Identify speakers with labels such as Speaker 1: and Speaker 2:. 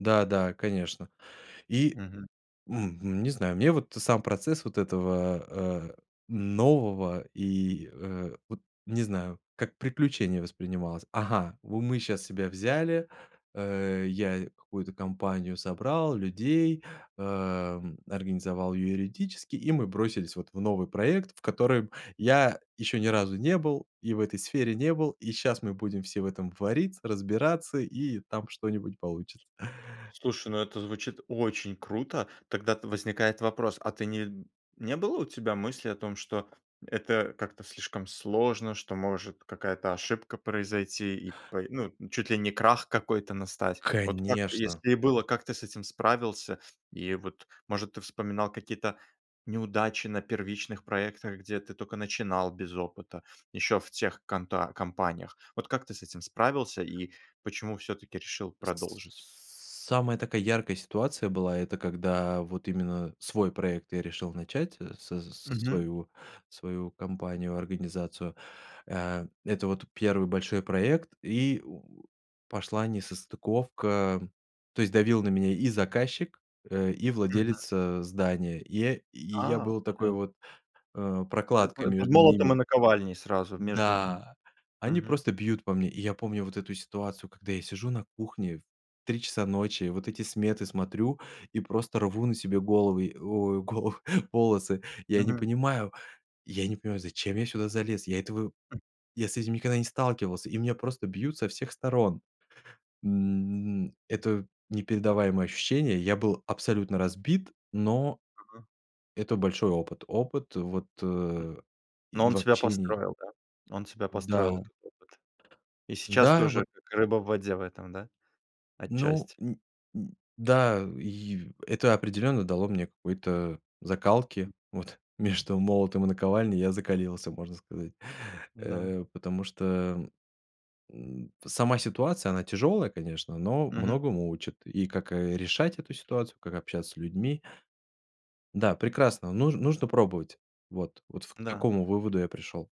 Speaker 1: Да, да, конечно. И
Speaker 2: Мгм.
Speaker 1: мгм, не знаю, мне вот и сам процесс вот этого, э, нового и, э, вот не знаю, как приключение воспринималось. Ага, вот мы сейчас себя взяли, э, я какую-то компанию собрал людей, эм, организовал её юридически, и мы бросились вот в новый проект, в
Speaker 2: Хм.
Speaker 1: котором я ещё ни разу не был, и в этой сфере не был, и щас мы будем все в этом вариться, разбираться, и там что-нибудь получится.
Speaker 2: Слушай, ну, это звучит очень круто. Тогда-то возникает вопрос. А ты не не было у тебя мысли о том, что это как-то слишком сложно, что, может, какая-то ошибка произойти, и по ну, чуть ли не крах какой-то настать? Вот как бы
Speaker 1: Конечно.
Speaker 2: если и было, как ты с этим справился? И вот, может, ты вспоминал какие-то неудачи на первичных проектах, где ты тока начинал без опыта еще в тех конта компаниях? Вот как ты с этим справился и почему всё-таки решил продолжить?
Speaker 1: Самая такая яркая ситуация была, это когда вот именно свой проект я решил начать, со
Speaker 2: Мгм.
Speaker 1: своего свою компанию, организацию. Э, это вот 1 большой проект, и у пошла несостыковка, то есть давил на меня и заказчик, э, и
Speaker 2: Мгм.
Speaker 1: владелец, э, здания. И я и я
Speaker 2: А,
Speaker 1: был такой
Speaker 2: блин.
Speaker 1: вот, э,
Speaker 2: Это
Speaker 1: прокладкой
Speaker 2: это под
Speaker 1: между
Speaker 2: молотом и
Speaker 1: ними.
Speaker 2: наковальней сразу между ними.
Speaker 1: Да, они
Speaker 2: Мгм.
Speaker 1: просто бьют по мне. И я помню вот эту ситуацию, когда я сижу на кухне в 3:00 часа ночи, вот эти сметы смотрю и просто рву на себе головы, ой, головы волосы. Я не
Speaker 2: Мгм.
Speaker 1: понимаю я не понимаю, зачем я сюда залез. Я этого
Speaker 2: М.
Speaker 1: я с этим никогда не сталкивался, и меня просто бьют со всех сторон. М, это непередаваемое ощущение. Я был абсолютно разбит, но,
Speaker 2: Мгм.
Speaker 1: это большой опыт. Опыт, вот, э,
Speaker 2: Но
Speaker 1: и
Speaker 2: он
Speaker 1: в
Speaker 2: себя
Speaker 1: общении
Speaker 2: построил, да. Он себя
Speaker 1: Да.
Speaker 2: построил, этот опыт. И сейчас ты
Speaker 1: Да вот
Speaker 2: уже как рыба в воде в этом, да?
Speaker 1: Ну,
Speaker 2: Отчасти.
Speaker 1: н н да, и это определенно дало мне какой-то закалки.
Speaker 2: М.
Speaker 1: Вот. Между молотом и наковальней я закалился, можно сказать.
Speaker 2: Да.
Speaker 1: Э, потому что, эм, м, сама ситуация, она тяжелая, конечно, но
Speaker 2: Мгм.
Speaker 1: многому учит. И как, э, решать эту ситуацию, как общаться с людьми. Да, прекрасно, нуж нужно пробовать. Вот вот, фь к
Speaker 2: Да.
Speaker 1: такому выводу я пришел.